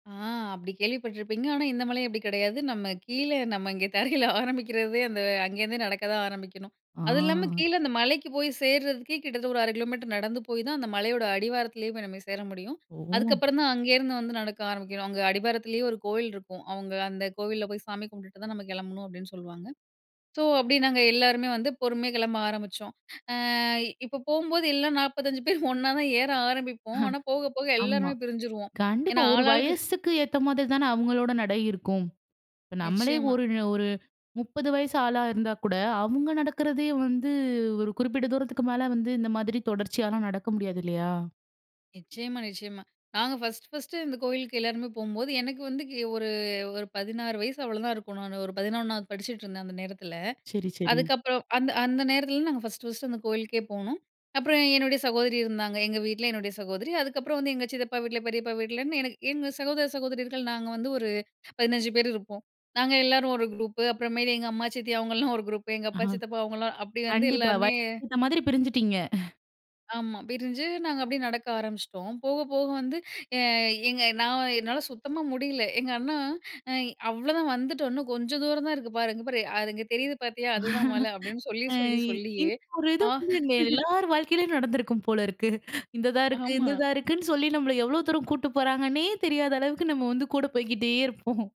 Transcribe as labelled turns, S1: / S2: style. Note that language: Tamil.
S1: ஆ அப்டி கேள்விப்பட்டுருப்பீங்க. ஆனா, இந்த மலை அப்டி கிடையாது. நம்ம கீழ நம்ம இங்க தரையில ஆரம்பிக்கிறதே அந்த அங்கேருந்தே நடக்க தான் ஆரம்பிக்கணும். அது இல்லாம
S2: ஆங்.
S1: கீழ அந்த மலைக்கு போய் சேர்றதுக்கே கிட்டத்தட்ட ஒரு 1/2 கிலோமீட்டர் நடந்து போய் தான் அந்த மலையோட அடிவாரத்திலேயே போய் நம்ம சேர முடியும்.
S2: ஓ!
S1: அதுக்கப்புறம் தான் அங்கேருந்து வந்து நடக்க ஆரம்பிக்கணும். அங்க அடிபாரத்திலேயே ஒரு கோவில் இருக்கும். அவங்க அந்த கோவில்ல போய் சாமி கும்பிட்டுட்டு தான் நம்ம கிளம்பணும், அப்டின்னு சொல்லுவாங்க. ஸோ, அப்டி நாங்க எல்லாருமே வந்து பொறுமையா கிளம்ப ஆரம்பிச்சோம். ஆ இப்போ போம்போது எல்லாம் 45 பேர் ஒண்ணா தான் ஏற ஆரம்பிப்போம். ஆனா போக, போக
S2: ஆமா,
S1: எல்லாருமே பிரிஞ்சிருவோம்.
S2: கண்டிப்பா.
S1: ஏன்னா,
S2: ஒரு
S1: ஆள் ஆளுக்கு
S2: வயசுக்கு ஏத்த மாரி தானே அவர்களோட நடை இருக்கும். இப்ப நம்மளே
S1: நிச்சியமா.
S2: ஒரு ஒரு 30 வயசு ஆளா இருந்தா கூட, அவங்க நடக்கிறதே வந்து ஒரு குறிப்பிட்ட தூரத்துக்கு மேல வந்து இந்த மாதிரி தொடர்ச்சியால நடக்க முடியாது இல்லையா?
S1: நிச்சியமா, நிச்சியமா. நாங்க 1, 1 இந்த கோயிலுக்கு எல்லாருமே போம்போது எனக்கு வந்து ஒரு ஒரு 16 வயசு அவ்வளோதான் இருக்கும். நான் ஒரு 11வது படிச்சிட்டுருந்தேன். அந்த நேரத்தில.
S2: சரி, சரி.
S1: அதுக்கப்புறம் அந்த அந்த நேரத்தில நாங்க 1, 1 அந்த கோயிலுக்கே போனோம். அப்புறம் என்னுடைய சகோதரி இருந்தாங்க. எங்க வீட்ல என்னுடைய சகோதரி அதுக்கப்புறம் வந்து எங்க சித்தப்பா வீட்ல, பெரியப்பா வீட்லன்னு எனக்கு எங்க சகோதர, சகோதரிர்கள் நாங்க வந்து ஒரு 15 பேர் இருப்போம். நாங்க எல்லாரும் ஒரு குரூப்பு அப்புற மேல் எங்க அம்மா, சித்தி அவங்கலாம் ஒரு குரூப் எங்க அப்பா,
S2: ஆஹா,
S1: சித்தப்பா அவங்கலாம் அப்டி வந்து
S2: கண்டிப்பா.
S1: எல்லாருமே
S2: வயசுக்கு ஏத்த மாரி பிரிஞ்சிட்டீங்க.
S1: ஆமா. பிரிஞ்சு நாங்க அப்டியே நடக்க ஆரம்பிச்சிட்டோம். போக, போக வந்து எ எங்க நான் என்னால சுத்தமா முடில எங்க அண்ணா அ "அவ்வளோதான் வந்துட்டோம் இன்னும் கொஞ்சம் தூரம் தான் இருக்கு பாரு, இங்க பாரு. அது இங்க தெரியுது பாத்தியா? அதுதான் மலை" அப்டின்னு சொல்லி,
S2: அ
S1: சொல்லி, சொல்லியே
S2: இந்த ஒரு இது
S1: அ
S2: வந்து எல்லார் வாழ்க்கையிலேயும் நடந்திருக்கும் போல இருக்கு. இந்த தான் இருக்கு, இந்த
S1: ஆமா.
S2: தான் இருக்குன்னு சொல்லி நம்மள எவ்வளோ தூரம் கூட்டு போறாங்கன்னே தெரியாத அளவுக்கு நம்ம வந்து கூட போய்க்கிட்டே இருப்போம்.